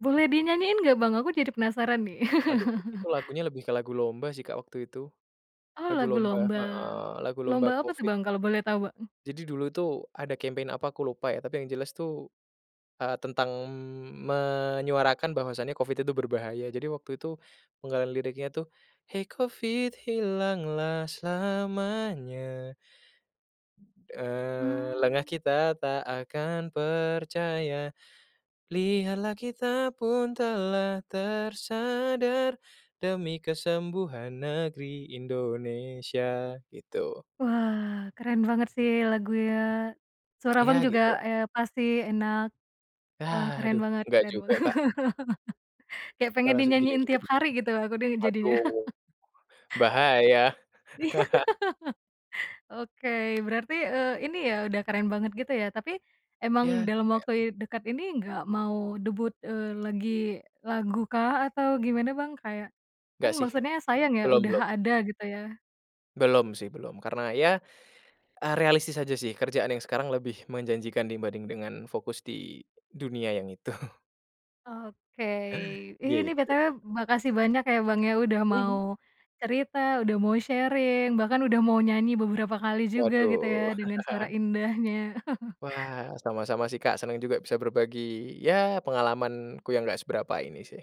Boleh dinyanyiin nggak Bang? Aku jadi penasaran nih. Aduh, itu lagunya lebih ke lagu lomba sih Kak waktu itu. Oh Lagu lagu lomba lomba? heeh, lagu lomba Lomba apa tuh Covid. Bang kalau boleh tahu Bang? Jadi dulu tuh ada campaign apa aku lupa ya, tapi yang jelas tuh, eee, tentang, mmm, menyuarakan bahwasanya Covid itu berbahaya, jadi waktu itu penggalan liriknya tuh, "Hei Covid hilanglah selamanya" eee, "lengah Mmm. kita tak akan percaya. Lihatlah kita pun telah tersadar, demi kesembuhan negeri Indonesia." gitu. Wah keren banget sih lagunya. Suara Abang Ya, juga, gitulah. eee, pasti enak. Wah keren Aduh banget nggak keren Bang. juga Kak. Kayak Gak pengen masuk dinyanyiin gini-gini tiap b hari gitu aku deh jadinya. waduh, bahaya. Iya. Oke berarti, eee, ini ya, udah keren banget gitu ya, tapi emang Ya, dalam lumayan. waktu i dekat ini nggak mau debut, eee, lagi lagukah, atau gimana Bang? Kayak kan Nggak sih. maksudnya sayang ya Belum udah belum. ada gitu ya. Belum sih belum, karena ya, eee, realistis aja sih, kerjaan yang sekarang lebih menjanjikan dibanding dengan fokus di dunia yang itu. Oke, ih ini, Gitu, BTW Kak. makasih banyak ya Bang ya udah mau Mhm. cerita, udah mau sharing, bahkan udah mau nyanyi beberapa kali juga gitu ya Waduh. dengan suara indahnya. Wah, sama-sama sih Kak senang juga bisa berbagi ya pengalamanku yang nggak seberapa ini sih.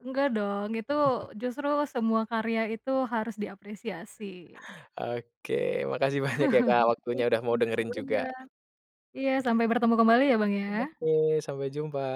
Nggak dong, itu justru semua karya itu harus diapresiasi. Oke, makasih banyak ya Kak waktunya Iya, udah mau makasih dengerin juga. banyak. Iya sampai bertemu kembali ya Bang ya. Oke sampai jumpa.